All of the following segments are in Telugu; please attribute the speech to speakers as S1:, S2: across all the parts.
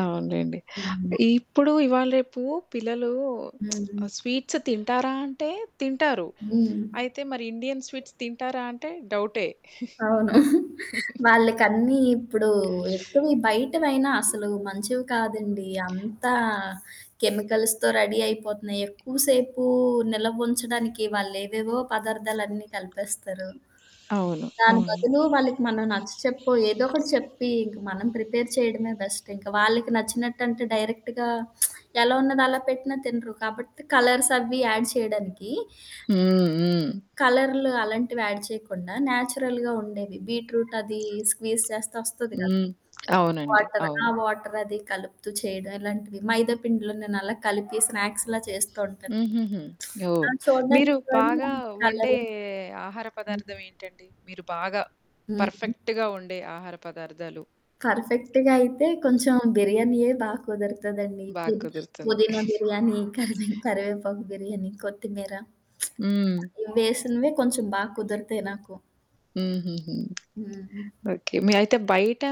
S1: అవునులెండి.
S2: హ్మ్.
S1: ఇప్పుడు ఇవాళ రేపు పిల్లలు
S2: హ్మ్.
S1: ఆ స్వీట్స్ తింటారా అంటే తింటారు.
S2: హ్మ్.
S1: అయితే మరి ఇండియన్ స్వీట్స్ తింటారా అంటే డౌటే.
S2: అవును. వాళ్ళకన్నీ ఇప్పుడు ఎక్కువ బయటవైనా అసలు మంచివి కాదండి. అంతా కెమికల్స్‌తొ రడీ అయిపోతున్నాయి. ఎక్కువసేపు నిలవంచడానికి వాళ్ళేవేవో పదార్థాలన్నీ కలిపేస్తారు.
S1: అవును.
S2: దాని
S1: అవును.
S2: బదులు వాళ్ళకి మనం నచ్చచెప్పొ ఏదో ఒకటి చెప్పి ఇంక మనం ప్రిపేర్ చేయడమే బెస్ట్. ఇంక వాళ్ళకి నచ్చినట్టంటే డైరెక్ట్‌గా ఎలా ఉన్నదలా పెట్టినా తినరు. కాబట్టి కలర్స్ అవ్వి యాడ్ చేయడానికి
S1: హ్మ్. హ్మ్.
S2: కలర్లు అలాంటివి యాడ్ చేయకుండా న్యాచురల్‌గా ఉండేవి. బీట్‌రూట్ అది స్క్వీజ్ చేస్తే ఒస్తది కదా!
S1: హ్మ్. అవునండి.
S2: వాటర్. ఆ!
S1: అవును.
S2: వాటర్ అది కలుపుతూ చేయడం ఇలాంటిది. మైదా పిండిలో నేనలా కలిపి స్నాక్స్‌లా చేస్తూ ఉంటాను.
S1: హుహుహు.
S2: ఆ!
S1: ఓహ్!
S2: చూడనికినీ
S1: మీరు
S2: 2
S1: బాగా వండే
S2: కలరు
S1: ఆహార
S2: హ్మ్.
S1: పదార్థం ఏంటండి? మీరు బాగా?
S2: హ్మ్.
S1: పర్ఫెక్ట్‌గా వండే ఆహార పదార్థాలు?
S2: పర్ఫెక్ట్‌గా అయితే కొంచెం బిర్యానీయే బాగా కుదరతదండి. పు
S1: బాగా కుదురుతుంది.
S2: పుదీనా బిర్యానీ, కరివె కరివేపకు బిర్యానీ, కొత్తిమీర.
S1: హ్మ్.
S2: ఇవి వేసినవే కొంచెం బాగా కుదిరితాయి నాకు.
S1: హూహూహూ.
S2: హ్మ్.
S1: ఓకే. మీ అయితే బయట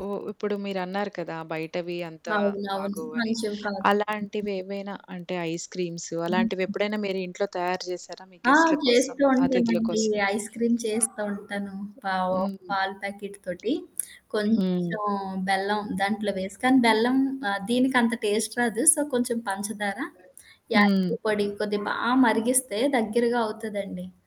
S1: హ్మ్, ఇప్పుడు మీరన్నారు కదా! బయటవి అంతా
S2: అవునవును.
S1: బాగోవని.
S2: మంచివి కాదు.
S1: అలాంటివేవైనా అంటే ఐస్‌క్రీమ్స్
S2: హుహు.
S1: అలాంటివెప్పుడైనా మీరు ఇంట్లో తయారు జేశారా మీ
S2: ఆ!
S1: గెస్ట‌ల కోసం?
S2: చేస్తూ
S1: అతిథుల
S2: ఉంటానండి.
S1: కోసం?
S2: ఐస్‌క్రీమ్ చేస్తూ ఉంటాను. పావో
S1: హ్మ్.
S2: పాలు ప్యాకెట్ తోటి.
S1: హ్మ్.
S2: కొంచెం బెల్లం దాంట్లో వేసి. కానీ బెల్లం ఆహ్, దీనికంత టేస్ట్ రాదు. సో, కొంచెం పంచదారా,
S1: హ్మ్.
S2: యలుకుల పొడి కొద్ది బా మరిగిస్తే దగ్గరగా అవుతదండి.